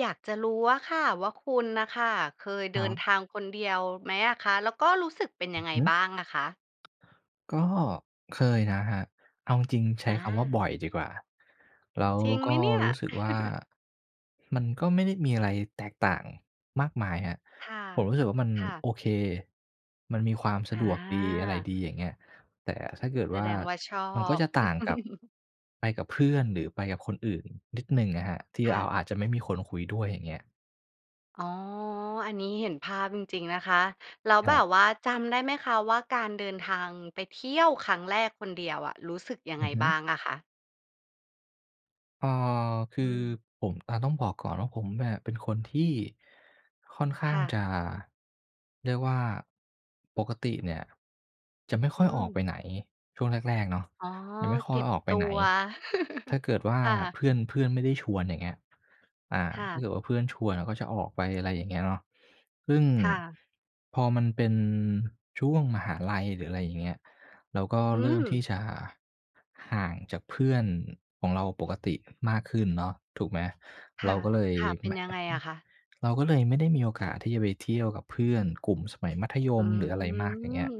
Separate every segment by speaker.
Speaker 1: อยากจะรู้อะค่ะว่า คุณน่ะค่ะเคย
Speaker 2: ค
Speaker 1: เด
Speaker 2: ร
Speaker 1: ิ
Speaker 2: ั
Speaker 1: น
Speaker 2: บ
Speaker 1: ทางคนเดียวไหมอะคะ? แล้วก็รู้สึกเป็น
Speaker 2: อ
Speaker 1: ย
Speaker 2: ื
Speaker 1: ัง
Speaker 2: อ
Speaker 1: ไง
Speaker 2: ฮึ
Speaker 1: บ้างอะคะ?
Speaker 2: ก็เคยนะครับ เอาจริง ๆ ใช้
Speaker 1: อ
Speaker 2: คำว่า บ่
Speaker 1: า
Speaker 2: อยดีกว่า แล้ว
Speaker 1: จริงไ
Speaker 2: ก
Speaker 1: หม
Speaker 2: ็
Speaker 1: เนี่ย?
Speaker 2: รู้สึกว่า มันก็ไม่ได้มีอะไรแตกต่างมากมายครับ
Speaker 1: ค่ะ
Speaker 2: ผมรู้สึกว่า มัน
Speaker 1: ค่ะ
Speaker 2: โอเค มันมีความส
Speaker 1: อ
Speaker 2: ะดวกดีอะไร
Speaker 1: า
Speaker 2: ดี อย่างเงี้ย แต่ถ้าเกิด
Speaker 1: แส
Speaker 2: ว่า
Speaker 1: ดงว่าชอ
Speaker 2: มันก็
Speaker 1: บ
Speaker 2: จะต่างกับ ไปกับเพื่อนหรือไปกับคนอื่นนิดหนึ่งอะครับ ที่
Speaker 1: ค่
Speaker 2: เรา
Speaker 1: ะ
Speaker 2: อาจจะไม่มีคนคุยด้วย อย่างเงี้ย
Speaker 1: อ๋อ อันนี้เห็นภาพจริง ๆ นะคะ แล้ว
Speaker 2: ค
Speaker 1: แ
Speaker 2: ร
Speaker 1: บ
Speaker 2: ับ
Speaker 1: บว่าจำได้ไหมคะ? ว่า การเดินทางไปเที่ยวครั้งแรกคนเดียวอะ รู้สึกยัง
Speaker 2: อ
Speaker 1: ไง
Speaker 2: ือฮึ
Speaker 1: บ้างอะคะ?
Speaker 2: อ๋อ ค
Speaker 1: อ
Speaker 2: ือ
Speaker 1: ืม
Speaker 2: ผม อ่า ต้องบอกก่อนว่า ผมอะเป็นคนที่ ค่อนข้า
Speaker 1: ค
Speaker 2: ง
Speaker 1: ่ะ
Speaker 2: จะ เรียกว่า ปกติเนี่ย จะไม่ค
Speaker 1: อื
Speaker 2: ่อยออกไ
Speaker 1: ม
Speaker 2: ปไหน ช่วงแรก ๆ เนาะ
Speaker 1: อ๋อ
Speaker 2: จะไม่ค่
Speaker 1: เ
Speaker 2: อ
Speaker 1: ก็
Speaker 2: ย
Speaker 1: บ
Speaker 2: ออกไ
Speaker 1: ต
Speaker 2: ป
Speaker 1: ั
Speaker 2: ไหน
Speaker 1: ว
Speaker 2: ถ้าเกิดว่า
Speaker 1: ค่ะ
Speaker 2: เพื่อน เพื่อนไม่ได้ชวน อย่างเงี้ย อา
Speaker 1: ค่
Speaker 2: ถ้า
Speaker 1: ะ
Speaker 2: เกิดว่า เพื่อนชวนเราก็จะออกไป อะไรอย่างเงี้ยเนาะ ซึ่ง
Speaker 1: ค่ะ
Speaker 2: พอมันเป็นช่วงมหาลัย หรือ อะไรอย่างเงี้ย เราก็
Speaker 1: อื
Speaker 2: เริ่มที
Speaker 1: ม
Speaker 2: ่จะห่างจากเพื่อนของเราปกติมากขึ้นเนาะ ถูกไหม
Speaker 1: ค
Speaker 2: เร
Speaker 1: ่
Speaker 2: า
Speaker 1: ะ
Speaker 2: ก็เลย
Speaker 1: ค่ะ เป็
Speaker 2: แม
Speaker 1: น
Speaker 2: ่ะ
Speaker 1: ยั
Speaker 2: อ
Speaker 1: งไ
Speaker 2: ะ
Speaker 1: ง
Speaker 2: อื
Speaker 1: อ
Speaker 2: ม
Speaker 1: ะคะ?
Speaker 2: เราก็เลยไม่ได้มีโอกาสที่จะไปเที่ยวกับเพื่อนกลุ่มสมัยมัธย
Speaker 1: อื
Speaker 2: มหรืออะไรมาก อย่างเงี้ย
Speaker 1: ม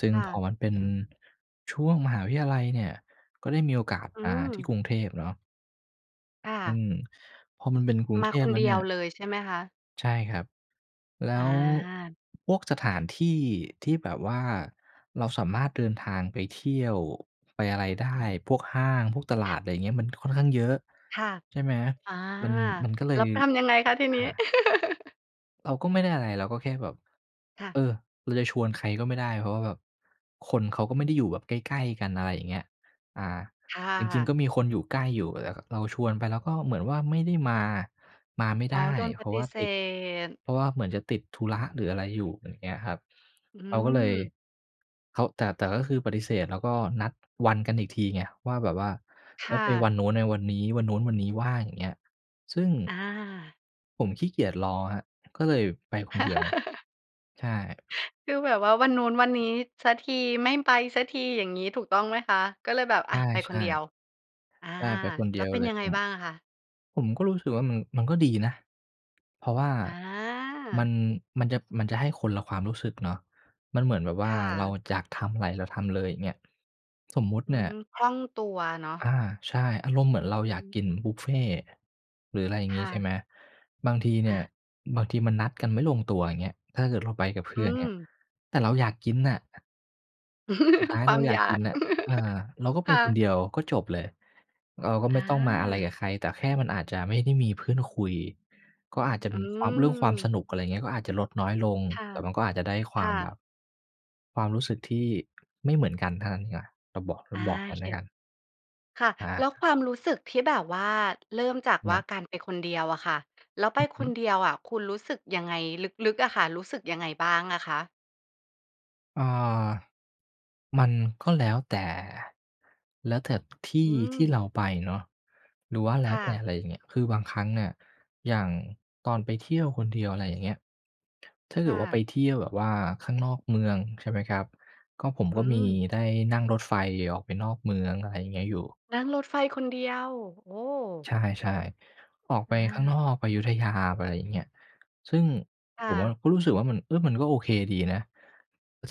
Speaker 2: ซึ่ง
Speaker 1: ค่ะ
Speaker 2: พอมันเป็นช่วงมหาวิทยาลัยเนี่ย ก็ได้มีโอกาส
Speaker 1: อื
Speaker 2: มาที่
Speaker 1: ม
Speaker 2: กรุงเทพเนาะ
Speaker 1: ค่
Speaker 2: อื
Speaker 1: ะ
Speaker 2: ม พอมันเป็นกรุง
Speaker 1: ม
Speaker 2: เท
Speaker 1: าค
Speaker 2: พ
Speaker 1: น
Speaker 2: แล้ว
Speaker 1: เด
Speaker 2: เ
Speaker 1: ี
Speaker 2: นี่
Speaker 1: ยว
Speaker 2: ย
Speaker 1: เลย ใช่ไหมคะ?
Speaker 2: ใช่ครับ แล้
Speaker 1: อ
Speaker 2: ว
Speaker 1: า
Speaker 2: พวกสถานที่ที่แบบว่าเราสามารถเดินทางไปเที่ยวไปอะไรได้ พวกห้าง พวกตลาด
Speaker 1: [unintelligible]
Speaker 2: ไรเงี้ย มันค่อนข้างเยอะ
Speaker 1: ค่ะ
Speaker 2: ใช่ไหม
Speaker 1: อา
Speaker 2: มัน มันก็เล
Speaker 1: แล
Speaker 2: ย
Speaker 1: ้ว ป ทำยังไงคะ ที
Speaker 2: อา
Speaker 1: นี้?
Speaker 2: เราก็ไม่ได้อะไร เราก็แค่แบบ
Speaker 1: ค่
Speaker 2: เอ
Speaker 1: ะ
Speaker 2: อ เราจะชวนใครก็ไม่ได้ เพราะว่าแบบคนเขาก็ไม่ได้อยู่แบบใกล้ ๆ กัน อะไรอย่างเงี้ย อ่า
Speaker 1: ค่
Speaker 2: จริง
Speaker 1: ะ
Speaker 2: ๆ ก็มีคนอยู่ใกล้อยู่ แต่ก็เราชวนไปแล้วก็เหมือนว่าไม่ได้มา มาไม่
Speaker 1: อ
Speaker 2: ไ
Speaker 1: ๋
Speaker 2: ด
Speaker 1: อ
Speaker 2: ้
Speaker 1: โดนป
Speaker 2: เพรา
Speaker 1: ฏ
Speaker 2: ะว
Speaker 1: ิ
Speaker 2: ่า
Speaker 1: เส
Speaker 2: ติด
Speaker 1: ธ
Speaker 2: เพราะว่าเหมือนจะติดธุระหรืออะไรอยู่ อย่างเงี้ยครับ
Speaker 1: อื
Speaker 2: เราก็เลย
Speaker 1: ม
Speaker 2: เขา แต่ แต่ก็คือปฏิเสธแล้วก็นัดวันกันอีกทีไง ว่าแบบว่า
Speaker 1: ค
Speaker 2: ไว้
Speaker 1: ่
Speaker 2: ไปว
Speaker 1: ะ
Speaker 2: ันนู้น ไปวันนี้ วันนู้นวันนี้ว่าง อย่างเงี้ย ซึ่ง
Speaker 1: อา
Speaker 2: ผมขี้เกียจรอครับ ก็เลยไปคนเดียว ใช่
Speaker 1: คือแบบว่าวันนู้น วันนี้ สักที ไม่ไปสักทีอย่างงี้ ถูกต้องไหมคะ? ก็เลยแบบ
Speaker 2: ใ
Speaker 1: อ
Speaker 2: ช
Speaker 1: ะ ไปคน
Speaker 2: ่
Speaker 1: เดีย
Speaker 2: ๆ
Speaker 1: ว อา
Speaker 2: ใช่ ไปคนเ
Speaker 1: แ
Speaker 2: ด
Speaker 1: ล้
Speaker 2: ี
Speaker 1: ว
Speaker 2: ยว
Speaker 1: เป็น
Speaker 2: เล
Speaker 1: ย
Speaker 2: ย
Speaker 1: ังไง
Speaker 2: ผม
Speaker 1: บ้างอะคะ?
Speaker 2: ผมก็รู้สึกว่ามัน มันก็ดีนะ เพราะว่า
Speaker 1: อ
Speaker 2: มั
Speaker 1: า
Speaker 2: น มันจะ มันจะให้คนละความรู้สึกเนาะ มันเหมือนแบบว
Speaker 1: ค
Speaker 2: ่า
Speaker 1: ่
Speaker 2: เรา
Speaker 1: ะ
Speaker 2: อยากทำอะไรเราทำเลย อย่างเงี้ย สมมุติ
Speaker 1: อื
Speaker 2: เนี่ย
Speaker 1: ม คล่องตัวเนาะ
Speaker 2: อา ใช่ อารมณ์เหมือนเร
Speaker 1: อ
Speaker 2: า
Speaker 1: ื
Speaker 2: อยากกิน
Speaker 1: ม
Speaker 2: บุฟเฟต์ หรืออะไรอย่าง
Speaker 1: ค
Speaker 2: งี้
Speaker 1: ่
Speaker 2: ใช่
Speaker 1: ะ
Speaker 2: ไหม บางทีเนี่
Speaker 1: อ
Speaker 2: ย
Speaker 1: า
Speaker 2: บางทีมันนัดกันไม่ลงตัว อย่างเงี้ย เออ เราไปกับเพ
Speaker 1: อ
Speaker 2: ื
Speaker 1: ื
Speaker 2: ่อน อย่างเงี้ย
Speaker 1: ม
Speaker 2: แต่เราอยากกินน่ะ สุดท้าย
Speaker 1: คว
Speaker 2: เร
Speaker 1: า
Speaker 2: า
Speaker 1: ม
Speaker 2: อย
Speaker 1: อ
Speaker 2: าก
Speaker 1: ย
Speaker 2: ก
Speaker 1: า
Speaker 2: ิ
Speaker 1: ก
Speaker 2: นน่ะ เอ่อ เราก็ไป
Speaker 1: ค่
Speaker 2: คน
Speaker 1: ะ
Speaker 2: เดียวก็จบเลย เราก็
Speaker 1: อ
Speaker 2: ไม่ต้องมาอะไรกับ
Speaker 1: า
Speaker 2: ใครแต่แค่มันอาจจะไม่ได้มีเพื่อนคุย ก็อาจจะ
Speaker 1: อื
Speaker 2: มีความ เรื่องความส
Speaker 1: ม
Speaker 2: นุก อะไรอย่างเงี้ย ก็อาจจะลดน้อยลง
Speaker 1: ค่ะ
Speaker 2: แต่มันก็อาจจะได้ค
Speaker 1: ค
Speaker 2: วา
Speaker 1: ่
Speaker 2: มแบ
Speaker 1: ะ
Speaker 2: บ ความรู้สึกที่ไม่เหมือนกันเท่านั้นดีกว่า เราบอก เร
Speaker 1: อ
Speaker 2: า
Speaker 1: า
Speaker 2: บอก
Speaker 1: โ
Speaker 2: ง
Speaker 1: อ
Speaker 2: ั้น
Speaker 1: เ
Speaker 2: แ
Speaker 1: ค
Speaker 2: ล้วกัน
Speaker 1: ค่ะ
Speaker 2: อ
Speaker 1: แล
Speaker 2: า
Speaker 1: ้วความรู้สึกที่แบบว่าเริ่มจาก
Speaker 2: ค
Speaker 1: ว
Speaker 2: ร
Speaker 1: ่
Speaker 2: ั
Speaker 1: า
Speaker 2: บ
Speaker 1: การไปคนเดียวอะค่ะ แล้วไป
Speaker 2: อือฮ
Speaker 1: ค
Speaker 2: ึ
Speaker 1: นเดียวอะ คุณรู้สึกยังไง? ลึก ๆ อะค่ะ รู้สึกยังไงบ้างอะคะ?
Speaker 2: อ่า มันก็แล้วแต่ แล้วแต่ท
Speaker 1: อ
Speaker 2: ี
Speaker 1: ื
Speaker 2: ่ที่เ
Speaker 1: ม
Speaker 2: ราไปเนาะ หรือว่าแล
Speaker 1: ค
Speaker 2: ้ว
Speaker 1: ่
Speaker 2: แต่
Speaker 1: ะ
Speaker 2: อะไรอย่างเงี้ย คือบางครั้งเนี่ยอย่างตอนไปเที่ยวคนเดียว อะไรอย่างเงี้ย ถ้าเ
Speaker 1: ค
Speaker 2: กิ
Speaker 1: ่
Speaker 2: ดว่าไ
Speaker 1: ะ
Speaker 2: ปเที่ยวแบบว่าข้างนอกเมืองใช่ไหมครับ ก็ ผม
Speaker 1: อื
Speaker 2: ก็มี
Speaker 1: ม
Speaker 2: ได้นั่งรถไฟออกไปนอกเมือง อะไรอย่างเงี้ยอยู่
Speaker 1: นั่งรถไฟคนเดียว โอ้!
Speaker 2: ใช่ ๆ ออกไป
Speaker 1: อ
Speaker 2: ข้างนอ
Speaker 1: า
Speaker 2: ก ไปอยุธยา ไปอะไรอย่างเงี้ย ซึ่ง
Speaker 1: ค่
Speaker 2: ผมอะ
Speaker 1: ะ
Speaker 2: ก็รู้สึกว่ามัน เออ มันก็โอเคดีนะ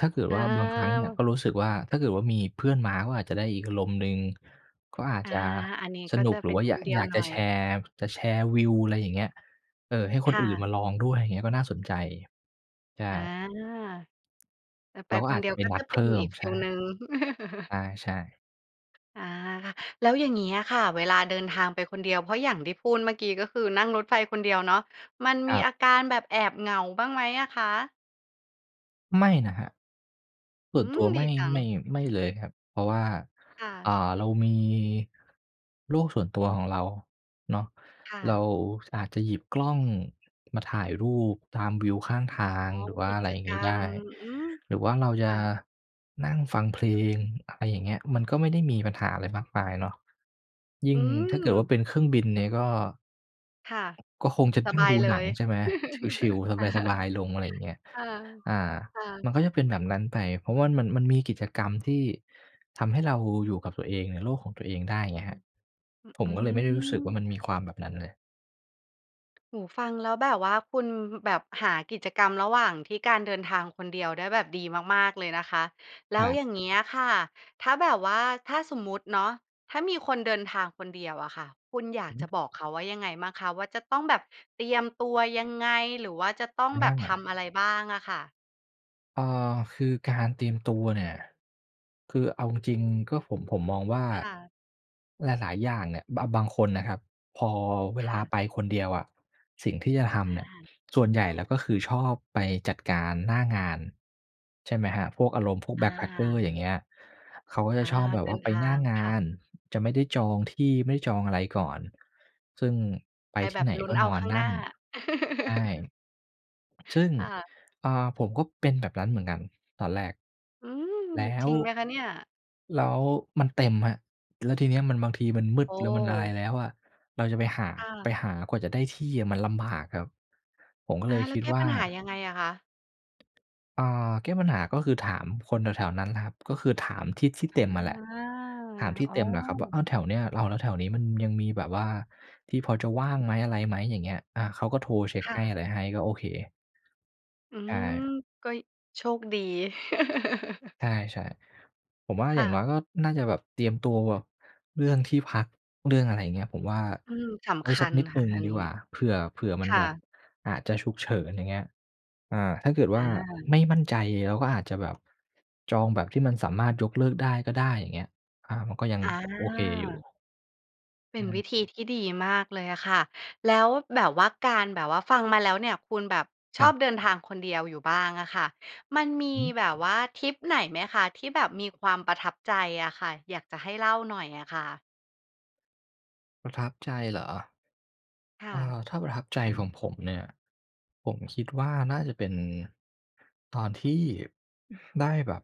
Speaker 2: ถ้าเกิด
Speaker 1: อ
Speaker 2: ว่าบางครั้งเนี่ย
Speaker 1: า
Speaker 2: ก็รู้สึกว่า ถ้าเกิดว่ามีเพื่อนมาก็อาจจะได้อีกอารมณ์หนึ่ง ก็อาจ
Speaker 1: อา
Speaker 2: จะ
Speaker 1: อันนี้
Speaker 2: ส
Speaker 1: ก็
Speaker 2: นุ
Speaker 1: จ
Speaker 2: ก
Speaker 1: ะ
Speaker 2: หร
Speaker 1: เ
Speaker 2: ื
Speaker 1: ป็
Speaker 2: อว
Speaker 1: น
Speaker 2: ่า
Speaker 1: ค
Speaker 2: อยา
Speaker 1: นเดี
Speaker 2: อ
Speaker 1: ย
Speaker 2: ย
Speaker 1: ว
Speaker 2: าก
Speaker 1: หน
Speaker 2: จ
Speaker 1: ่
Speaker 2: ะ
Speaker 1: อ
Speaker 2: แ
Speaker 1: ย
Speaker 2: ชร์ จะแชร์วิว อะไรอย่างเงี้ย เอ่อ ให้ค
Speaker 1: ค
Speaker 2: น
Speaker 1: ่
Speaker 2: อื่น
Speaker 1: ะ
Speaker 2: มาลองด้วย อย่างเงี้ยก็น่าสนใจ ใช่
Speaker 1: อา แต่ไป
Speaker 2: เราก็
Speaker 1: ค
Speaker 2: อ
Speaker 1: น
Speaker 2: า
Speaker 1: เ
Speaker 2: จ
Speaker 1: ดี
Speaker 2: จ
Speaker 1: ย
Speaker 2: ะ
Speaker 1: ว
Speaker 2: ไป
Speaker 1: ก็
Speaker 2: นั
Speaker 1: จ
Speaker 2: ด
Speaker 1: ะเ
Speaker 2: เ
Speaker 1: ป
Speaker 2: พ
Speaker 1: ็
Speaker 2: ิ
Speaker 1: น
Speaker 2: ่ม
Speaker 1: อีกฟ
Speaker 2: ใช
Speaker 1: ี
Speaker 2: ่
Speaker 1: ลหนึ่ง
Speaker 2: ใช่ ๆ
Speaker 1: อา ค่ะ แล้วอย่างนี้อะค่ะ เวลาเดินทางไปคนเดียวเพราะอย่างที่พูดเมื่อกี้ ก็คือ นั่งรถไฟคนเดียวเนาะ มัน
Speaker 2: ค
Speaker 1: ม
Speaker 2: ร
Speaker 1: ี
Speaker 2: ับ
Speaker 1: อาการแบบแอบเหงาบ้างไหมอะคะ?
Speaker 2: ไม่นะครับ ส
Speaker 1: อ
Speaker 2: ่
Speaker 1: ื
Speaker 2: วนตั
Speaker 1: ม!
Speaker 2: ว
Speaker 1: ด
Speaker 2: ไม
Speaker 1: ี
Speaker 2: ่
Speaker 1: จั
Speaker 2: ไ
Speaker 1: ง
Speaker 2: ม่ ไม่เลยครับ เพราะว่า
Speaker 1: ค่
Speaker 2: อ่า
Speaker 1: ะ
Speaker 2: เรามี โลกส่วนตัวของเราเนาะ
Speaker 1: ค่
Speaker 2: เร
Speaker 1: ะ
Speaker 2: าอาจจะหยิบกล้องมาถ่ายรูปตามวิวข้างท
Speaker 1: อ๋อ
Speaker 2: าง หรือว่
Speaker 1: ก
Speaker 2: า
Speaker 1: ิ
Speaker 2: อะไร
Speaker 1: จ
Speaker 2: อย่าง
Speaker 1: ก
Speaker 2: ง
Speaker 1: ร
Speaker 2: ี้
Speaker 1: ร
Speaker 2: ได
Speaker 1: ม
Speaker 2: ้
Speaker 1: อืม
Speaker 2: หรือว่าเราจ
Speaker 1: ค
Speaker 2: ะ
Speaker 1: ่ะ
Speaker 2: นั่งฟังเพลง อะไรอย่างเงี้ย มันก็ไม่ได้มีปัญหาอะไรมากมายเนาะ ยิ
Speaker 1: อ
Speaker 2: ่
Speaker 1: ื
Speaker 2: งถ้าเกิดว่
Speaker 1: ม
Speaker 2: า เป็นเครื่องบินเนี่ยก็
Speaker 1: ค่ะ
Speaker 2: ก็คงจะ
Speaker 1: ส
Speaker 2: ต้อ
Speaker 1: บ
Speaker 2: ง
Speaker 1: า
Speaker 2: ด
Speaker 1: ย
Speaker 2: ู
Speaker 1: เล
Speaker 2: หนัง
Speaker 1: ย
Speaker 2: ใช่ไหม ชิล
Speaker 1: ค
Speaker 2: ๆ สบาย ๆ ลง อะไรอย่างเงี้ย
Speaker 1: ่ะ
Speaker 2: อา
Speaker 1: ค่
Speaker 2: ม
Speaker 1: ะ
Speaker 2: ันก็จะเป็นแบบนั้นไป เพราะว่ามัน มันมีกิจกรรมที่ทำให้เราอยู่กับตัวเอง ในโลกของตัวเองได้ไงครับ
Speaker 1: อ
Speaker 2: ผม
Speaker 1: อื
Speaker 2: ก็เลยไม่ได้รู้สึกว่า
Speaker 1: ม
Speaker 2: มันมีความแบบนั้นเลย
Speaker 1: โอ้โฮ ฟังแล้วแบบว่าคุณแบบหากิจกรรมระหว่างที่การเดินทางคนเดียวได้แบบดีมาก ๆ เลยนะคะ แล
Speaker 2: ค
Speaker 1: ้
Speaker 2: ร
Speaker 1: ว
Speaker 2: ับ
Speaker 1: อย่างเงี้ยค่ะ ถ้าแบบว่า ถ้าสมมุติเนาะ ถ้ามีคนเดินทางคนเดียวอะค่ะ คุณอยา
Speaker 2: อ
Speaker 1: กจ
Speaker 2: ือ
Speaker 1: ะบอกเขาว่ายังไงบ้างคะ? ว่าจะต้องแบบเตรียมตัวยังไง? หรือว่าจะต้อง
Speaker 2: อ
Speaker 1: แบบท
Speaker 2: า
Speaker 1: ำอะไรบ้างอะค่ะ?
Speaker 2: เออ คือการเตรียมตัวเนี่ย คือเอาจริง ๆ ก็ผม ผมมองว่า
Speaker 1: ค่ะ
Speaker 2: หลาย ๆ อย่างเนี่ย บะ บางคนนะครับ พอเว
Speaker 1: ค
Speaker 2: ล
Speaker 1: ่
Speaker 2: า
Speaker 1: ะ
Speaker 2: ไปคนเดียวอะ สิ่งที่จะทำเ
Speaker 1: อ
Speaker 2: นี่ย
Speaker 1: า
Speaker 2: ส่วนใหญ่แล้วก็คือชอบไปจัดการหน้างาน ใช่ไหมครับ พวกอารมณ์พวก
Speaker 1: อ
Speaker 2: backpacker
Speaker 1: า
Speaker 2: อย่างเงี้ย เขาก็จะ
Speaker 1: อา
Speaker 2: ชอบแบบ
Speaker 1: เด
Speaker 2: ว
Speaker 1: ิ
Speaker 2: ่า
Speaker 1: น
Speaker 2: ไป
Speaker 1: ท
Speaker 2: หน
Speaker 1: า
Speaker 2: ้า
Speaker 1: ง
Speaker 2: ง
Speaker 1: ค
Speaker 2: า
Speaker 1: ่ะ
Speaker 2: น จะไม่ได้จองที่ไม่ได้จองอะไรก่อน ซึ่งไป
Speaker 1: ไป
Speaker 2: ท
Speaker 1: แ
Speaker 2: ี
Speaker 1: บ
Speaker 2: ่
Speaker 1: บ
Speaker 2: ไหน
Speaker 1: ลุ้
Speaker 2: ก
Speaker 1: น
Speaker 2: ็
Speaker 1: เอ
Speaker 2: น
Speaker 1: า
Speaker 2: อ
Speaker 1: ข
Speaker 2: น
Speaker 1: ้าง
Speaker 2: น
Speaker 1: ห
Speaker 2: ั
Speaker 1: น้
Speaker 2: ่
Speaker 1: า
Speaker 2: น ใช่ ซึ่ง
Speaker 1: ค่ะ
Speaker 2: อ่า ผมก็เป็นแบบนั้นเหมือนกันตอนแรก
Speaker 1: อืม
Speaker 2: แล้
Speaker 1: จ
Speaker 2: ว
Speaker 1: ริงไหมคะเนี่ย?
Speaker 2: แล้วมันเต็มครับ แล้วทีเนี้ยมันบางทีมันมื
Speaker 1: โ
Speaker 2: ด
Speaker 1: อ
Speaker 2: แล้วมันอะไร
Speaker 1: ้
Speaker 2: แล้วอะ เราจะไปหา
Speaker 1: ค่
Speaker 2: ไป
Speaker 1: ะ
Speaker 2: หากว่าจะได้ที่อะมันลำบากครับ ผมก็
Speaker 1: อ
Speaker 2: เล
Speaker 1: า
Speaker 2: ย
Speaker 1: แล
Speaker 2: ค
Speaker 1: ้ว
Speaker 2: ิด
Speaker 1: แก้
Speaker 2: ว่
Speaker 1: ป
Speaker 2: า
Speaker 1: ัญหายังไงอะคะ?
Speaker 2: เอ่อ แก้ปัญหาก็คือถามคนแถว ๆ นั้นแหละครับ ก็คือถามที่ที่
Speaker 1: อ
Speaker 2: เต
Speaker 1: า
Speaker 2: ็มอะแหละ ถามที่
Speaker 1: อ้อ
Speaker 2: เต็มแหละครับว่า เออ แถวเนี้ย แล้ว แล้วแถวนี้มันยังมีแบบว่าที่พอจะว่างไหม อะไรไหม อย่างเงี้ย อา เขาก็โทรเช็ค
Speaker 1: ค่
Speaker 2: ให้อ
Speaker 1: ะ
Speaker 2: ะไรให้ ก็โอเค
Speaker 1: อื
Speaker 2: ใช
Speaker 1: ม
Speaker 2: ่
Speaker 1: ก็ ย โชคดี
Speaker 2: ใช่ ๆ ผมว่า
Speaker 1: ค
Speaker 2: อย่
Speaker 1: ่
Speaker 2: างน้
Speaker 1: ะ
Speaker 2: อยก็น่าจะแบบเตรียมตัวเรื่องที่พัก เรื่องอะไรอย่างเงี้ย ผมว่า
Speaker 1: อืม ส
Speaker 2: ไว
Speaker 1: ำ
Speaker 2: ้
Speaker 1: ค
Speaker 2: ส
Speaker 1: ั
Speaker 2: ัก
Speaker 1: ญ
Speaker 2: นิดห
Speaker 1: ค
Speaker 2: นึ
Speaker 1: ่
Speaker 2: ่
Speaker 1: ะ
Speaker 2: ง
Speaker 1: อัน
Speaker 2: ดี
Speaker 1: นี้
Speaker 2: กว่า เผื่อ เผื่อมั
Speaker 1: ค
Speaker 2: น
Speaker 1: ่
Speaker 2: แบบ
Speaker 1: ะ
Speaker 2: อาจจะฉุกเฉิน อย่างเงี้ย อ่า ถ้าเกิด
Speaker 1: อ
Speaker 2: ว่า
Speaker 1: า
Speaker 2: ไม่มั่นใจเราก็อาจจะแบบจองแบบที่มันสามารถยกเลิกได้ก็ได้ อย่างเงี้ย อา มันก็ยัง
Speaker 1: อ
Speaker 2: โอเคอยู
Speaker 1: า
Speaker 2: ่
Speaker 1: เป็
Speaker 2: อื
Speaker 1: นวิ
Speaker 2: ม
Speaker 1: ธีที่ดีมากเลยอะค่ะ แล้วแบบว่าการแบบว่าฟังมาแล้วเนี่ย คุณแบบช
Speaker 2: คร
Speaker 1: อ
Speaker 2: ั
Speaker 1: บ
Speaker 2: บ
Speaker 1: เดินทางคนเดียวอยู่บ้างอะค่ะ มันม
Speaker 2: อ
Speaker 1: ี
Speaker 2: ือฮึ
Speaker 1: แบบว่าทริปไหนไหมคะ ที่แบบมีความประทับใจอะค่ะ อยากจะให้เล่าหน่อยอะค่ะ?
Speaker 2: ประทับใจเหรอ?
Speaker 1: ค่
Speaker 2: เอ่
Speaker 1: ะ
Speaker 2: อ ถ้าประทับใจ ของผมเนี่ย ผมคิดว่า น่าจะเป็น ตอนที่ได้แบบ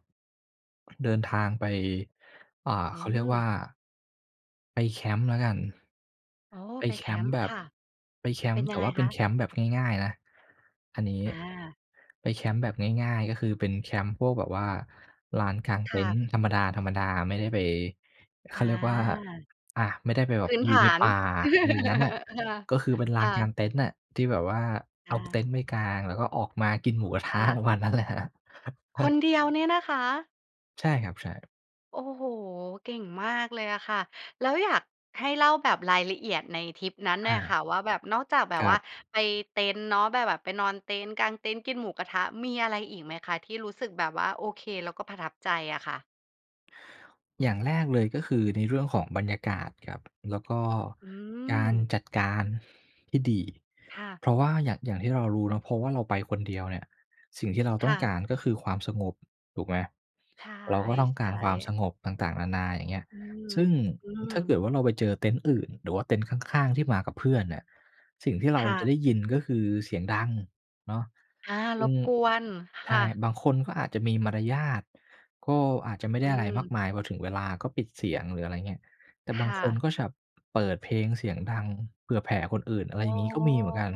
Speaker 2: เดินทางไป อ่า
Speaker 1: อื
Speaker 2: เขาเรียกว่
Speaker 1: ม
Speaker 2: า ไปแคมป์แล้วกัน
Speaker 1: อ๋อ
Speaker 2: ไป
Speaker 1: ไป
Speaker 2: แค
Speaker 1: แค
Speaker 2: มป
Speaker 1: ม
Speaker 2: ์
Speaker 1: ป์
Speaker 2: แบ
Speaker 1: ค
Speaker 2: บ
Speaker 1: ่ะ
Speaker 2: ไปแค
Speaker 1: เป
Speaker 2: ม
Speaker 1: ็
Speaker 2: ป
Speaker 1: น
Speaker 2: ์
Speaker 1: ย
Speaker 2: แต
Speaker 1: ั
Speaker 2: ่
Speaker 1: งไง
Speaker 2: ว่าเป
Speaker 1: ค
Speaker 2: ็น
Speaker 1: ะ?
Speaker 2: แคมป์แบบง่าย ๆ นะอันนี้
Speaker 1: อา
Speaker 2: ไปแคมป์แบบง่าย ๆ ก็คือเป็นแคมป์พวกแบบว่าลานกลาง
Speaker 1: ค
Speaker 2: เต
Speaker 1: ่
Speaker 2: ็น
Speaker 1: ะ
Speaker 2: ท์ธรรมดา ๆ ไม่ได้ไป เ
Speaker 1: อ
Speaker 2: ข
Speaker 1: า
Speaker 2: าเรียกว่า อะ ไม่ได้ไปแบ
Speaker 1: พ
Speaker 2: บ
Speaker 1: ื้น
Speaker 2: อย
Speaker 1: ฐ
Speaker 2: ู่ใน
Speaker 1: าน
Speaker 2: ป่า อะไรอย่างงั้นน่ะ
Speaker 1: ค่ะ
Speaker 2: ก็คือเป็นล
Speaker 1: ค
Speaker 2: า
Speaker 1: ่
Speaker 2: นกา
Speaker 1: ะ
Speaker 2: งเต็นท์น่ะ ที่แบบว่าเ
Speaker 1: ค
Speaker 2: อ
Speaker 1: ่
Speaker 2: าเต็
Speaker 1: ะ
Speaker 2: นท์ไปกาง แล้วก็ออกมากินหมู กระท
Speaker 1: ค
Speaker 2: ะ
Speaker 1: ่
Speaker 2: ป
Speaker 1: ะ
Speaker 2: ระมาณนั้นแหละครับ
Speaker 1: คนเดียวเนี่ยนะคะ
Speaker 2: ใช่ครับ ใช่
Speaker 1: โอ้โฮ! เก่งมากเลยอะค่ะ แล้วอยากให้เล่าแบบรายละเอียดในทริปนั้น
Speaker 2: อ
Speaker 1: หน่อยค
Speaker 2: า
Speaker 1: ่ะว่าแบบ นอกจากแบบ
Speaker 2: คร
Speaker 1: ว
Speaker 2: ั
Speaker 1: ่า
Speaker 2: บ
Speaker 1: ไปเต็นท์เนาะ ไปแบบ ไปนอนเต็นท์ กางเต็นท์ กินหมูกระทะ มีอะไรอีกไหมคะที่รู้สึกแบบว่าโอเค แล้วก็ประทับใจอะค่ะ?
Speaker 2: อย่างแรกเลย ก็คือในเรื่องของบรรยากาศครับ แล้วก็
Speaker 1: อื
Speaker 2: การ
Speaker 1: ม
Speaker 2: จัดการที่ดี
Speaker 1: ค่ะ
Speaker 2: เพราะว่าอย่าง อย่างที่เรารู้เนาะ เพราะว่าเราไปคนเดียวเนี่ย สิ่งที่เรา
Speaker 1: ค
Speaker 2: ต้
Speaker 1: ่
Speaker 2: องก
Speaker 1: ะ
Speaker 2: ารก็คือความสงบ ถูกไหม
Speaker 1: ใ
Speaker 2: เราก็ ต้องก
Speaker 1: ช
Speaker 2: าร
Speaker 1: ่
Speaker 2: ความส
Speaker 1: ๆ
Speaker 2: งบต่าง ๆ นานา อย่างเงี้ย
Speaker 1: อืม
Speaker 2: ซึ่ง
Speaker 1: อื
Speaker 2: ถ้าเก
Speaker 1: ม
Speaker 2: ิดว่า เราไปเจอเต็นท์อื่น หรือว่าเต็นท์ข้าง ๆ ที่มากับเพื่อนเนี่ย สิ่งที่เรา
Speaker 1: ค่
Speaker 2: จ
Speaker 1: ะ
Speaker 2: ะได้ยิน ก็คือเสียงดังเนาะ
Speaker 1: อา
Speaker 2: ซ
Speaker 1: ร
Speaker 2: ึ่ง
Speaker 1: บกวน
Speaker 2: ใ
Speaker 1: ค
Speaker 2: ช
Speaker 1: ่
Speaker 2: ่
Speaker 1: ะ
Speaker 2: บางคนก็อาจจะมีมารยาท ก็อาจจะไม่
Speaker 1: อ
Speaker 2: ได
Speaker 1: ื
Speaker 2: ้อะไรม
Speaker 1: ม
Speaker 2: ากมาย พอถึงเวลาก็ปิดเสียง หรืออะไรอย่างเงี้ย แต่บ
Speaker 1: ค
Speaker 2: าง
Speaker 1: ่
Speaker 2: คน
Speaker 1: ะ
Speaker 2: ก็แบบเปิดเพลงเสียงดังเผื่อแผ่คนอื่น อะไร
Speaker 1: อ๋อ
Speaker 2: อย่างนี้ ก็มีเหมือนกัน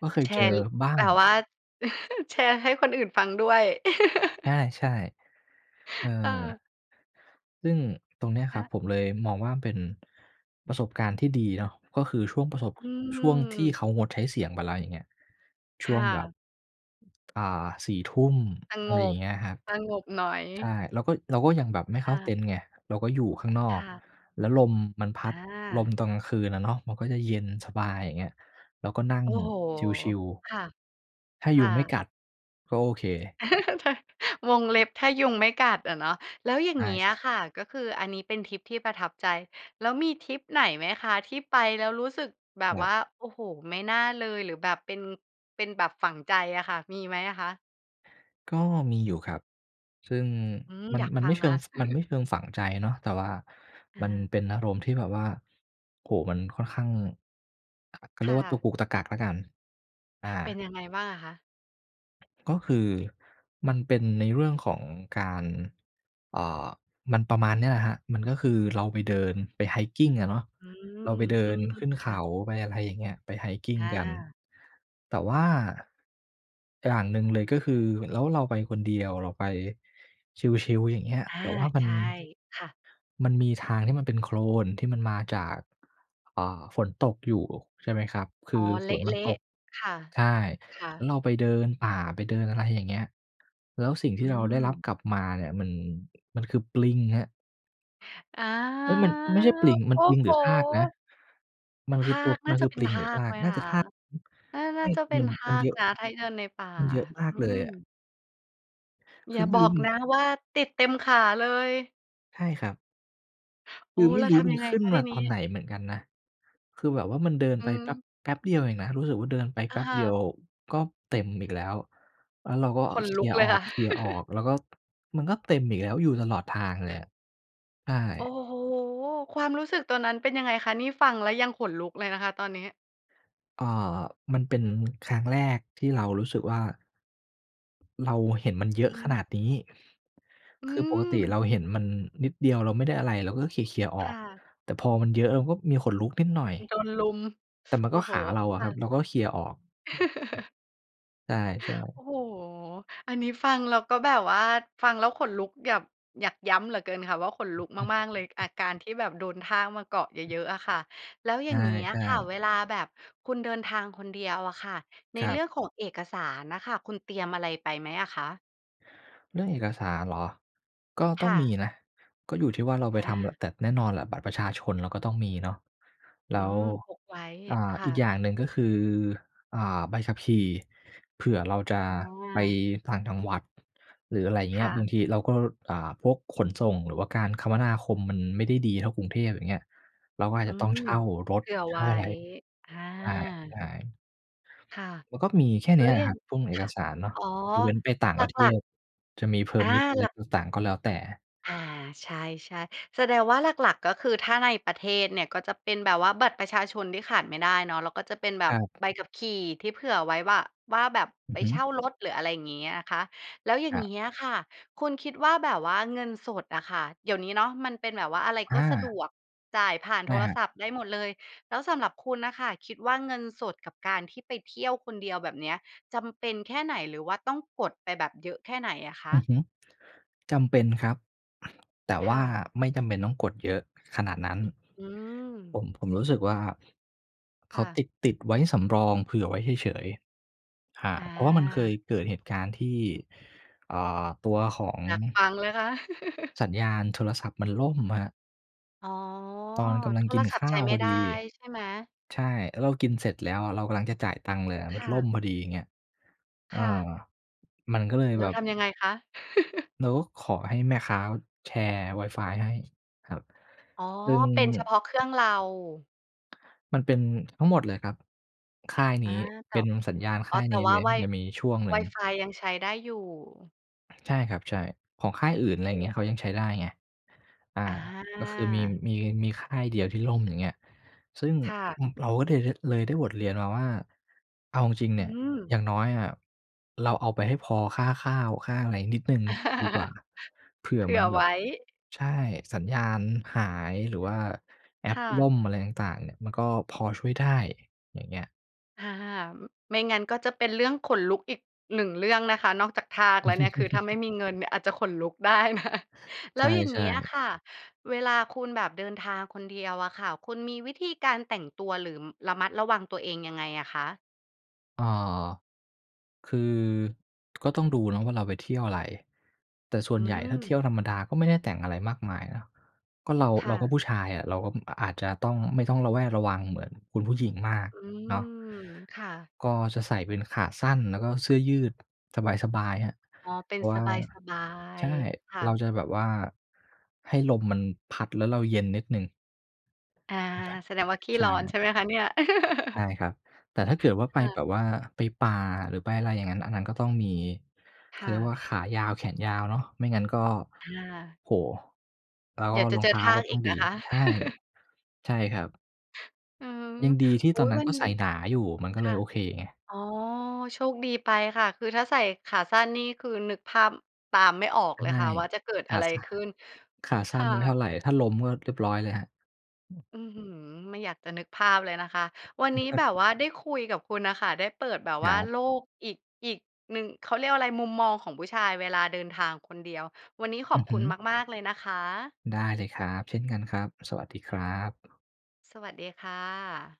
Speaker 2: ก็เค
Speaker 1: แ
Speaker 2: ย
Speaker 1: ช
Speaker 2: เจ
Speaker 1: ร์
Speaker 2: อบ้า
Speaker 1: แบ
Speaker 2: ง
Speaker 1: บว่า แชร์ให้คนอื่นฟังด้วย
Speaker 2: ใช่ ๆ เอ
Speaker 1: ค่ะ
Speaker 2: อ ซึ่งตรงเนี้ยค
Speaker 1: ค
Speaker 2: รับ
Speaker 1: ะ
Speaker 2: ผมเลยมองว่าเป็นประสบการณ์ที่ดีเนาะ ก็คือช่วงประสบ
Speaker 1: อื
Speaker 2: ช่วงที่เขา
Speaker 1: ม
Speaker 2: งดใช้เสียงไปแล้ว อย่างเงี้ย ช
Speaker 1: ค
Speaker 2: ่ว
Speaker 1: ่
Speaker 2: งแบบ
Speaker 1: ะ
Speaker 2: อ่า 4 ทุ่ม
Speaker 1: ส
Speaker 2: อะ
Speaker 1: ง
Speaker 2: ไรอย่า
Speaker 1: บ
Speaker 2: งเงี้ยครับ
Speaker 1: สงบหน่อ
Speaker 2: ใช
Speaker 1: ย
Speaker 2: ่ เราก็ เราก็ยังแบบไม่
Speaker 1: ค
Speaker 2: เข้
Speaker 1: ่
Speaker 2: าเต
Speaker 1: ะ
Speaker 2: ็นท์ไง เราก็อยู่ข้างนอ
Speaker 1: ค
Speaker 2: ก
Speaker 1: ่ะ
Speaker 2: แล้วลมมันพัด ลม
Speaker 1: อา
Speaker 2: ตอนกลางคืนอะเนาะ มันก็จะเย็นสบาย อย่างเงี้ย เราก็นั่ง
Speaker 1: โอ้โฮ!
Speaker 2: ชิล
Speaker 1: ค่ะ
Speaker 2: ๆ ถ้า
Speaker 1: ค
Speaker 2: ยุ
Speaker 1: ่
Speaker 2: งไม่
Speaker 1: ะ
Speaker 2: กัด ก็โอเค
Speaker 1: วงเล็บถ้ายุงไม่กัดอะเนาะ แล้วอย่า
Speaker 2: ใ
Speaker 1: งเงี้
Speaker 2: ช
Speaker 1: ย
Speaker 2: ่ ๆ
Speaker 1: ค่ะ ก็คืออันนี้เป็นทริปที่ประทับใจ แล้วมีทริปไหนไหมคะ ที่ไปแล้วรู้สึกแบ
Speaker 2: ค
Speaker 1: บ
Speaker 2: รั
Speaker 1: ว
Speaker 2: บ
Speaker 1: ่า โอ้โฮ ไม่น่าเลย หรือแบบเป็น เป็นแบบฝังใจอะค่ะ มีไหมอะคะ?
Speaker 2: ก็มีอยู่ครับ ซึ่ง
Speaker 1: อืม
Speaker 2: มั
Speaker 1: อย
Speaker 2: น
Speaker 1: าก
Speaker 2: มัน
Speaker 1: ฟั
Speaker 2: ไม่
Speaker 1: ง
Speaker 2: เช
Speaker 1: ค
Speaker 2: ิ
Speaker 1: ่ะ
Speaker 2: ง ฟ มันไม่เชิงฝังใจเนาะ แต่ว่า
Speaker 1: อ
Speaker 2: มัน
Speaker 1: า
Speaker 2: เป็นอารมณ์ที่แบบว่า โอ้โฮ มันค่อนข้าง อ เขาเ
Speaker 1: ค
Speaker 2: รีย
Speaker 1: ่
Speaker 2: กว่าต
Speaker 1: ะ
Speaker 2: ะกุกตะกักแล้วกัน อ
Speaker 1: เป็น
Speaker 2: า
Speaker 1: ยังไงบ้างอะคะ?
Speaker 2: ก็คือมันเป็นในเรื่องของการ เอ่อ มันประมาณเนี้ยแหละครับ มันก็คือเราไปเดิน ไป hiking อะเนาะ
Speaker 1: อืม
Speaker 2: เราไปเด
Speaker 1: อ
Speaker 2: ิ
Speaker 1: ื
Speaker 2: น
Speaker 1: ม
Speaker 2: ขึ้น
Speaker 1: ค
Speaker 2: เข
Speaker 1: ่ะ
Speaker 2: าไป อะไรอย่างเงี้ย ไป
Speaker 1: อ
Speaker 2: hiking กัน
Speaker 1: า
Speaker 2: แต่ว่าอย่างหนึ่งเลยก็คือ แล้วเราไปคนเดียว เราไปชิล ๆ อย่างเงี้ย
Speaker 1: อา
Speaker 2: แบบว่ามั
Speaker 1: ใช
Speaker 2: น
Speaker 1: ่ค่ะ
Speaker 2: มันมีทางที่มันเป็นโคลนที่มันมาจาก อ่า ฝนตกอยู่ ใช่ไหมครับ ค
Speaker 1: อ๋อ
Speaker 2: ือ
Speaker 1: เ
Speaker 2: ฝ
Speaker 1: ล
Speaker 2: นมันต
Speaker 1: ะ
Speaker 2: ก
Speaker 1: ๆ ค่ะ
Speaker 2: ใช่
Speaker 1: ค่
Speaker 2: แล้
Speaker 1: ะ
Speaker 2: วเราไปเดินป่า ไปเดิน อะไรอย่างเงี้ย แล้วสิ่งท
Speaker 1: อื
Speaker 2: ี่เราได้รับ
Speaker 1: ม
Speaker 2: กลับมาเนี่ยมัน มันคือปลิงครับ
Speaker 1: อา
Speaker 2: เอ๊ย มันไม่ใช่ปลิง มั
Speaker 1: โอ
Speaker 2: น
Speaker 1: ้
Speaker 2: ปลิง
Speaker 1: โ
Speaker 2: ห
Speaker 1: ฮ!
Speaker 2: รือทากนะ มัน
Speaker 1: ท
Speaker 2: คือ
Speaker 1: า
Speaker 2: ตัว
Speaker 1: ก
Speaker 2: ม
Speaker 1: น่าจะเป็นทากไหมค
Speaker 2: ันคือปลิงหร
Speaker 1: ะ?
Speaker 2: ือทาก
Speaker 1: น่า น
Speaker 2: น่าจะทาก ใช
Speaker 1: ่า
Speaker 2: ่
Speaker 1: จะ
Speaker 2: คื
Speaker 1: เป
Speaker 2: อ
Speaker 1: ็
Speaker 2: ม
Speaker 1: น
Speaker 2: ัน
Speaker 1: ท
Speaker 2: ม
Speaker 1: า
Speaker 2: ัน
Speaker 1: ก
Speaker 2: เยอะ
Speaker 1: นะ ถ้าเดินในป่า
Speaker 2: มันเยอะม
Speaker 1: อื
Speaker 2: ากเลย
Speaker 1: ม
Speaker 2: อะ ค
Speaker 1: อย
Speaker 2: ื
Speaker 1: ่
Speaker 2: อ
Speaker 1: า
Speaker 2: ไม่
Speaker 1: บ
Speaker 2: ร
Speaker 1: อ
Speaker 2: ู้
Speaker 1: ก
Speaker 2: ม
Speaker 1: นะว่าติดเต็มขาเลย?
Speaker 2: ใช่ครับ
Speaker 1: โ
Speaker 2: ค
Speaker 1: อ้!
Speaker 2: ือ ไม
Speaker 1: แ
Speaker 2: ่
Speaker 1: ล้ว
Speaker 2: รู้
Speaker 1: ท
Speaker 2: มั
Speaker 1: ำย
Speaker 2: น
Speaker 1: ังไง
Speaker 2: ขึ้น
Speaker 1: คะ
Speaker 2: ม
Speaker 1: ท
Speaker 2: า
Speaker 1: ีน
Speaker 2: ต
Speaker 1: ี
Speaker 2: อน
Speaker 1: ้?
Speaker 2: ไหนเหมือนกันนะ คือแบบว่ามันเดิน
Speaker 1: อื
Speaker 2: ไปแป๊
Speaker 1: ม
Speaker 2: บ แป๊บเดียวเองนะ รู้สึกว่าเดินไป
Speaker 1: อ
Speaker 2: แป
Speaker 1: ะ
Speaker 2: ๊บ
Speaker 1: ฮ
Speaker 2: เดียว
Speaker 1: ะ
Speaker 2: ก็เต็มอีกแล้ว แล้วเราก็
Speaker 1: ขน
Speaker 2: เข
Speaker 1: ล
Speaker 2: ี
Speaker 1: ุ
Speaker 2: ่
Speaker 1: ก
Speaker 2: ย
Speaker 1: เล
Speaker 2: อ
Speaker 1: ย ค่ะ
Speaker 2: อก ๆ แล้วก็ มันก็เต็มอีกแล้ว อยู่ตลอดทางเลยอะ ใช
Speaker 1: โอ้
Speaker 2: ่
Speaker 1: โฮ ความรู้สึกตัวนั้นเป็นยังไงคะ นี่ฟังแล้วยังขนลุกเลยนะคะตอนนี้?
Speaker 2: อ่า มันเป็นครั้งแรกที่เรารู้สึกว่า เราเห็นมันเยอ
Speaker 1: อ
Speaker 2: ะ
Speaker 1: ื
Speaker 2: ขน
Speaker 1: ม
Speaker 2: าดนี้
Speaker 1: อื
Speaker 2: คือปกติเ
Speaker 1: ม
Speaker 2: ราเห็นมันนิดเดียว เราไม่ได้อะไรเราก็เขี่ย ๆ อ
Speaker 1: ค
Speaker 2: อก
Speaker 1: ่ะ
Speaker 2: แต่พอมันเยอะเราก็มีขนลุกนิดหน่อย
Speaker 1: โดนรุม
Speaker 2: แต่มัน
Speaker 1: โอ
Speaker 2: ก
Speaker 1: ้
Speaker 2: ็
Speaker 1: โฮ
Speaker 2: ขาเราอ
Speaker 1: ค
Speaker 2: ะค
Speaker 1: ่
Speaker 2: รับ
Speaker 1: ะ
Speaker 2: เราก็เขี่ยออก ใช่
Speaker 1: โอ
Speaker 2: ๆ
Speaker 1: ้โฮ อันนี้ฟังแล้วก็แบบว่า ฟังแล้วขนลุกอยาก อยากย้ำเหลือเกินค่ะว่า ขนลุกมาก ๆ เลย อาการที่แบบโดนทากมาเกาะเยอะ ๆ อะค่ะ แล้ว
Speaker 2: ใ
Speaker 1: อย่างนี้อ
Speaker 2: ช
Speaker 1: ะ
Speaker 2: ่
Speaker 1: ค่ะ
Speaker 2: ๆ
Speaker 1: เวลาแบบคุณเดินทางคนเดียวอะค่ะ ใน
Speaker 2: คร
Speaker 1: เ
Speaker 2: ั
Speaker 1: ร
Speaker 2: บ
Speaker 1: ื่องของเอกสารน่ะค่ะ คุณเตรียมอะไรไปไหมอะคะ?
Speaker 2: เรื่องเอกสารเหรอ? ก็ต
Speaker 1: ค
Speaker 2: ้อ
Speaker 1: ่
Speaker 2: งม
Speaker 1: ะ
Speaker 2: ีนะ ก็อยู่ที่ว่าเราไป
Speaker 1: อ
Speaker 2: ทำ ล
Speaker 1: า
Speaker 2: แต่แน่นอนแหละ บัตรประชาชนเราก็ต้องมีเนาะ
Speaker 1: อ
Speaker 2: แ
Speaker 1: ื
Speaker 2: ล้ว
Speaker 1: ม พกไว้
Speaker 2: อ่า
Speaker 1: ค่
Speaker 2: อีก
Speaker 1: ะ
Speaker 2: อย่างหนึ่ง ก็คือ อ่า ใบขับขี่ เผื่อเราจะ
Speaker 1: อ
Speaker 2: ไป
Speaker 1: า
Speaker 2: ต่างจังหวัด หรืออะไรอย่างเง
Speaker 1: ค
Speaker 2: ี้
Speaker 1: ่
Speaker 2: ย บาง
Speaker 1: ะ
Speaker 2: ทีเราก็ อ่า พวกขนส่งหรือว่าการคมนาคมมันไม่ได้ดีเท่ากรุงเทพ อย่างเงี้ย เราก็อาจ
Speaker 1: อื
Speaker 2: จะต้อง
Speaker 1: ม
Speaker 2: เช่าร
Speaker 1: เ
Speaker 2: ถ
Speaker 1: ผื่อ
Speaker 2: เช
Speaker 1: ไว
Speaker 2: ่า
Speaker 1: ้
Speaker 2: อะไร
Speaker 1: อา
Speaker 2: ใช่ ๆ
Speaker 1: ค่ะ
Speaker 2: มันก็มีแค่
Speaker 1: แล
Speaker 2: น
Speaker 1: ้
Speaker 2: ี้
Speaker 1: ว
Speaker 2: แหล
Speaker 1: อย่
Speaker 2: ะ
Speaker 1: า
Speaker 2: ค
Speaker 1: ง
Speaker 2: รับ พุ่งเอ
Speaker 1: ค
Speaker 2: ก
Speaker 1: ่ะ
Speaker 2: สารเนาะ
Speaker 1: อ๋อ
Speaker 2: ยกเว้นไปต่าง
Speaker 1: หล
Speaker 2: ประเท
Speaker 1: ัก ๆ
Speaker 2: ศ จะมี
Speaker 1: อา
Speaker 2: permit อะไร
Speaker 1: หลัก
Speaker 2: ต่าง ๆ ก็แล้วแต่
Speaker 1: อา ใช่ ๆ แสดงว่าหลัก ๆ ก็คือถ้าในประเทศเนี่ย ก็จะเป็นแบบว่าบัตรประชาชนที่ขาดไม่ได้เนาะ แล้วก็จะเป็นแบ
Speaker 2: ค
Speaker 1: บ
Speaker 2: รับ
Speaker 1: ใบขับขี่ที่เผื่อไว้ว่า ว่าแบบ
Speaker 2: อื
Speaker 1: ไป
Speaker 2: อฮึ
Speaker 1: เช่ารถ หรืออะไรอย่างงี้อะคะ แล้วอย่
Speaker 2: ค
Speaker 1: าง
Speaker 2: รับ
Speaker 1: งี้อะค่ะ คุณคิดว่าแบบว่าเงินสดอะค่ะ เดี๋ยวนี้เนาะ มันเป็นแบบว่าอะไร
Speaker 2: อ
Speaker 1: ก็สะด
Speaker 2: า
Speaker 1: วก จ่ายผ่าน
Speaker 2: ใช
Speaker 1: โท
Speaker 2: ่
Speaker 1: ร
Speaker 2: ครับ
Speaker 1: ศัพท์ได้หมดเลย แล้วสำหรับคุณน่ะค่ะ คิดว่าเงินสดกับการที่ไปเที่ยวคนเดียว แบบเนี้ย จำเป็นแค่ไหน หรือว่าต้องกดไปแบบเยอะแค่ไหนอะค
Speaker 2: อือ
Speaker 1: ะ?
Speaker 2: ฮึ จำเป็นครับ แต่
Speaker 1: ค
Speaker 2: ว
Speaker 1: ่
Speaker 2: ่า
Speaker 1: ะ
Speaker 2: ไม่จำเป็นต้องกดเยอะขนาดนั้น
Speaker 1: อื
Speaker 2: ผ
Speaker 1: ม
Speaker 2: ม ผมรู้สึกว่า เข
Speaker 1: ค่
Speaker 2: า
Speaker 1: ะ
Speaker 2: ติด ติดไว้สำรองเผื่อไว้เฉย ๆ อ่า
Speaker 1: อ
Speaker 2: เพราะว่ามันเคย
Speaker 1: า
Speaker 2: เกิดเหตุการณ์ที่ อ่า ตัวของ
Speaker 1: อยากฟังเลยค่ะ
Speaker 2: สัญญาณโทรศัพท์มันล่มอะครับ
Speaker 1: อ๋อ
Speaker 2: ตอนกำลั
Speaker 1: โ
Speaker 2: ง
Speaker 1: ท
Speaker 2: กิ
Speaker 1: ร
Speaker 2: น
Speaker 1: ศั
Speaker 2: ข
Speaker 1: พท
Speaker 2: ้
Speaker 1: ์ใ
Speaker 2: า
Speaker 1: ช้
Speaker 2: ว
Speaker 1: ไม
Speaker 2: พ
Speaker 1: ่
Speaker 2: อ
Speaker 1: ได
Speaker 2: ดี
Speaker 1: ้ ใช่ไหม?
Speaker 2: ใช่ แล้วเรากินเสร็จแล้วเรากำลังจะจ่ายตังค์เลยอะ ม
Speaker 1: ค
Speaker 2: ัน
Speaker 1: ่
Speaker 2: ล่ม
Speaker 1: ะ
Speaker 2: พอดี อย่างเงี้ย เอ
Speaker 1: ค
Speaker 2: อ
Speaker 1: ่ะ
Speaker 2: มันก็เลย
Speaker 1: แล
Speaker 2: แ
Speaker 1: ้
Speaker 2: บ
Speaker 1: ว
Speaker 2: บ
Speaker 1: ทำยังไงคะ?
Speaker 2: เราก็ขอให้แม่ค้าแชร์ WiFi ให้ครับ
Speaker 1: อ๋อ
Speaker 2: ซึ่ง
Speaker 1: เป็นเฉพาะเครื่องเรา
Speaker 2: มันเป็นทั้งหมดเลยครับ ค่ายน
Speaker 1: อา
Speaker 2: ี้
Speaker 1: แต
Speaker 2: เป
Speaker 1: ่
Speaker 2: ็นสัญญาณ
Speaker 1: อ
Speaker 2: ค
Speaker 1: ๋อ
Speaker 2: ่าย
Speaker 1: แต
Speaker 2: น
Speaker 1: ่
Speaker 2: ี้
Speaker 1: ว
Speaker 2: เ
Speaker 1: ่
Speaker 2: ล
Speaker 1: า
Speaker 2: ย มั
Speaker 1: Wi
Speaker 2: นจะมีช่วงหนึ่ง
Speaker 1: WiFi ยังใช้ได้อยู่?
Speaker 2: ใช่ครับ ใช่ ของค่ายอื่น อะไ
Speaker 1: โอ
Speaker 2: รอย่างเงี้ย เขายัง
Speaker 1: ้
Speaker 2: ใช้ได้ไง อา
Speaker 1: อ
Speaker 2: ก็คือมี
Speaker 1: า
Speaker 2: มี มีค่ายเดียวที่ล่ม อย่างเงี้ย ซึ่ง
Speaker 1: ค่ะ
Speaker 2: เราก็เลย เลยได้บทเรียนมาว่า เอาจริง ๆ เ
Speaker 1: อ
Speaker 2: น
Speaker 1: ื
Speaker 2: ี่ย อ
Speaker 1: ม
Speaker 2: ย่างน้อยอะเราเอาไปให้พอค่าข้าวค่าอะไรนิดหนึ่งดีกว่า เผื่
Speaker 1: เ
Speaker 2: อ
Speaker 1: ผื
Speaker 2: เหม
Speaker 1: ่
Speaker 2: ื
Speaker 1: อ
Speaker 2: อนแบ
Speaker 1: ไว
Speaker 2: บ
Speaker 1: ้
Speaker 2: ใช่ สัญญาณหาย หรือว่าแอ
Speaker 1: ค
Speaker 2: ป
Speaker 1: ่
Speaker 2: ล่
Speaker 1: ะ
Speaker 2: มอะไรต่าง ๆ เนี่ยมันก็พอช่วยได้ อย่างเงี้ย
Speaker 1: ค่ะ ไม่งั้นก็จะเป็นเรื่องขนลุกอีกหนึ่งเรื่องนะคะ นอกจากทากแล้วเนี่ย คือถ้าไม่มีเงินเนี่ยอาจจะขนลุก ได้นะ แ
Speaker 2: ใ
Speaker 1: ล้วอย่าง
Speaker 2: ช
Speaker 1: เง
Speaker 2: ่
Speaker 1: ี้ยอะ
Speaker 2: ๆ
Speaker 1: ค่ะ เวลาคุณแบบเดินทางคนเดียวอะค่ะ คุณมีวิธีการแต่งตัวหรือระมัดระวังตัวเองยังไงอะคะ?
Speaker 2: อ่า คือก็ต้องดูเนาะว่าเราไปเที่ยวอะไร แต่ส่ว
Speaker 1: อื
Speaker 2: นใหญ่ถ้าเที่ย
Speaker 1: ม
Speaker 2: วธรรมดาก็ไม่ได้แต่งอะไรมากมายนะ ก็เรา
Speaker 1: ค
Speaker 2: เ
Speaker 1: ่
Speaker 2: ราก็
Speaker 1: ะ
Speaker 2: ผู้ชายอะ เราก็ อ อาจจะต้อง ไม่ต้องระแวดระวังเหมือนคุณผู้หญิงมาก
Speaker 1: อืม
Speaker 2: เนาะ
Speaker 1: ค่ะ
Speaker 2: ก็จะใส่เป็นขาสั้น แล้วก็เสื้อยืดสบาย ๆ ครับ
Speaker 1: อ๋อ เป
Speaker 2: เ
Speaker 1: ็
Speaker 2: พ
Speaker 1: น
Speaker 2: ราะว
Speaker 1: ส
Speaker 2: ่า
Speaker 1: บา
Speaker 2: ใช
Speaker 1: ย
Speaker 2: ่
Speaker 1: ๆ ค่
Speaker 2: เรา
Speaker 1: ะ
Speaker 2: จะแบบว่าให้ลมมันพัดแล้วเราเย็นนิดหนึ่ง
Speaker 1: อา แสดงว่าขี้
Speaker 2: ใช
Speaker 1: ร
Speaker 2: ่
Speaker 1: ้อนใช่ไหมคะเนี่ย?
Speaker 2: ใช่ครับ แต่ถ้าเกิดว่าไป
Speaker 1: ค่ะ
Speaker 2: แบบว่าไปป่า หรือไปอะไรอย่างงั้น อันนั้นก็ต้องมี เข
Speaker 1: ค
Speaker 2: า
Speaker 1: ่
Speaker 2: เรียก
Speaker 1: ะ
Speaker 2: ว่า ขายาวแขนยาวเนาะ ไม่งั้นก็
Speaker 1: ค่ะ
Speaker 2: โอ้โฮ แล้ว
Speaker 1: เดี๋ยวจ
Speaker 2: ร
Speaker 1: ะ
Speaker 2: อง
Speaker 1: เจ
Speaker 2: เ
Speaker 1: อ
Speaker 2: ท้า
Speaker 1: ทา
Speaker 2: ก็
Speaker 1: ก
Speaker 2: ต้
Speaker 1: อ
Speaker 2: อ
Speaker 1: ี
Speaker 2: ง
Speaker 1: ก
Speaker 2: ดี
Speaker 1: นะคะ
Speaker 2: ใช่ ใช่ครับ
Speaker 1: อืม
Speaker 2: ยังดีที่
Speaker 1: อุ
Speaker 2: ต
Speaker 1: ๊
Speaker 2: อน
Speaker 1: ย
Speaker 2: นั้
Speaker 1: ว
Speaker 2: น
Speaker 1: ั
Speaker 2: ก
Speaker 1: น
Speaker 2: ็
Speaker 1: น
Speaker 2: ใ
Speaker 1: ี
Speaker 2: ส
Speaker 1: ้
Speaker 2: ่หนาอยู่ มันก็
Speaker 1: ค
Speaker 2: เล
Speaker 1: ่ะ
Speaker 2: ยโอเคไง
Speaker 1: อ๋อ โชคดีไปค่ะ คือถ้าใส่ขาสั้นนี่ คือนึกภาพตามไม่ออก
Speaker 2: ใ
Speaker 1: เล
Speaker 2: ช
Speaker 1: ย
Speaker 2: ่
Speaker 1: ค่ะว่าจะเกิด
Speaker 2: ข
Speaker 1: อะ
Speaker 2: า
Speaker 1: ไร
Speaker 2: สั้น
Speaker 1: ขึ้น
Speaker 2: ขาส
Speaker 1: ค
Speaker 2: ั้
Speaker 1: ่
Speaker 2: นไม่เท่า
Speaker 1: ะ
Speaker 2: ไร ถ้าล้มก็เรียบร้อยเลยครับ อืม
Speaker 1: อื้อฮือ ไม่อยากจะนึกภาพเลยนะคะ วันนี้แบบว่าได้คุยกับคุณน่ะค่ะ ได้เปิดแบบ
Speaker 2: ค
Speaker 1: ว
Speaker 2: ร
Speaker 1: ่า
Speaker 2: ับ
Speaker 1: โลกอีก อีกหนึ่ง เขาเรียกว่าอะไร มุมมองของผู้ชายเวลาเดินทางคนเดียว วันนี้ข
Speaker 2: อ
Speaker 1: อ
Speaker 2: ื
Speaker 1: บ
Speaker 2: อฮ
Speaker 1: ค
Speaker 2: ึ
Speaker 1: ุณมาก ๆ เลยนะคะ
Speaker 2: ได้เลยครับ เช่นกันครับ สวัสดีครับ
Speaker 1: สวัสดีค่ะ